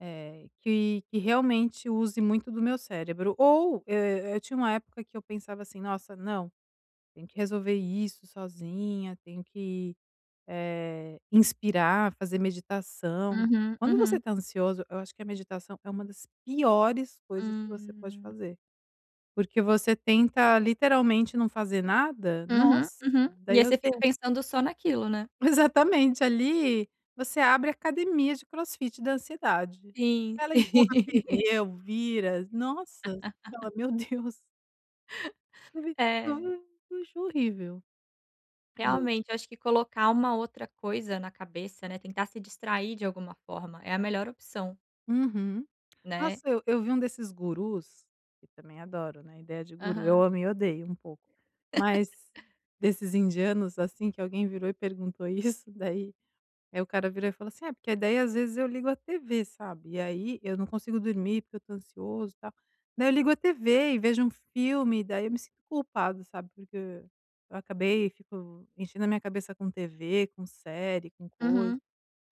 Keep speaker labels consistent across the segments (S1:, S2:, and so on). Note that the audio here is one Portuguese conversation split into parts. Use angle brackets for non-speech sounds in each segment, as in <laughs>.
S1: É, que que realmente use muito do meu cérebro, ou, eh eh, tinha uma época que eu pensava assim: "Nossa, não! Tenho que resolver isso sozinha, tenho que, eh, inspirar, fazer meditação".
S2: Uhum,
S1: Quando você
S2: uhum.
S1: tá ansioso, eu acho que a meditação é uma das piores coisas que você pode
S2: Hum.
S1: fazer. Porque você tenta literalmente não fazer nada,
S2: Uhum,
S1: nossa!
S2: uhum. E
S1: Daí,
S2: aí,
S1: eu
S2: você fica
S1: tenho
S2: pensando só naquilo, né?
S1: Exatamente ali, você abre a academia de crossfit da ansiedade.
S2: Sim.
S1: Ela empurra
S2: <laughs>
S1: pneu, vira, nossa! Você fala:
S2: <laughs>
S1: "Meu Deus!".
S2: É.
S1: <unintelligible> Acho horrível.
S2: Realmente, eu
S1: <unintelligible>
S2: acho que colocar uma outra coisa na cabeça, né. Tentar se distrair de alguma forma, é a melhor opção.
S1: Uhum.
S2: Né?
S1: Nossa, eu eu vi um desses gurus, e também adoro, né, a ideia de guru. Eu
S2: Aham.
S1: amo e odeio um pouco, mas
S2: <laughs>
S1: desses indianos assim, que alguém virou e perguntou: "Isso daí?". Aí o cara virou e falou assim: "É, porque daí, às vezes, eu ligo a tv, sabe, e aí eu não consigo dormir, porque eu tô ansioso e tal, daí eu ligo a tv e vejo um filme e daí eu me sinto culpado, sabe, porque acabei e fico enchendo a minha cabeça com tv, com série, com coisa".
S2: Uhum.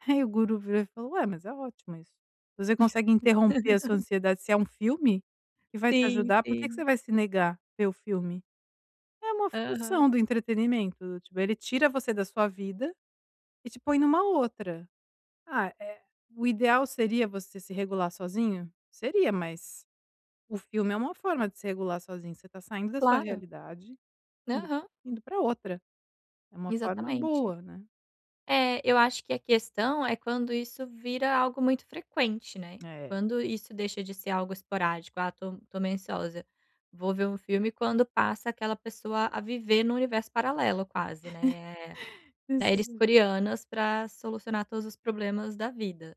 S1: Aí o guru virou e falo: "Ué, mas é ótimo isso". Você consegue interromper a sua
S2: <laughs>
S1: ansiedade, se é um filme que vai te
S2: Sim,
S1: ajudar por que que
S2: sim.
S1: você vai se negar ver o filme? É uma
S2: Aham.
S1: função do entretenimento, tipo, ele tira você da sua vida e te põe numa outra. Ah, eh, o ideal seria você se regular sozinho? Seria, mas o filme é uma forma de se regular sozinho, você tá saindo da sua
S2: Claro.
S1: realidade indo
S2: Aham.
S1: indo pra outra. É uma forma
S2: Exatamente.
S1: boa, né?
S2: É eu acho que a questão é quando isso vira algo muito frequente, né?
S1: É.
S2: Quando isso deixa de ser algo esporádico: "Ah, tô tô meio ansiosa, vou ver um filme". Quando passa aquela pessoa a viver num universo paralelo quase, né, eh eh,
S1: <chuckles>
S2: séries
S1: Preciso
S2: coreanas pra solucionar todos os problemas da vida.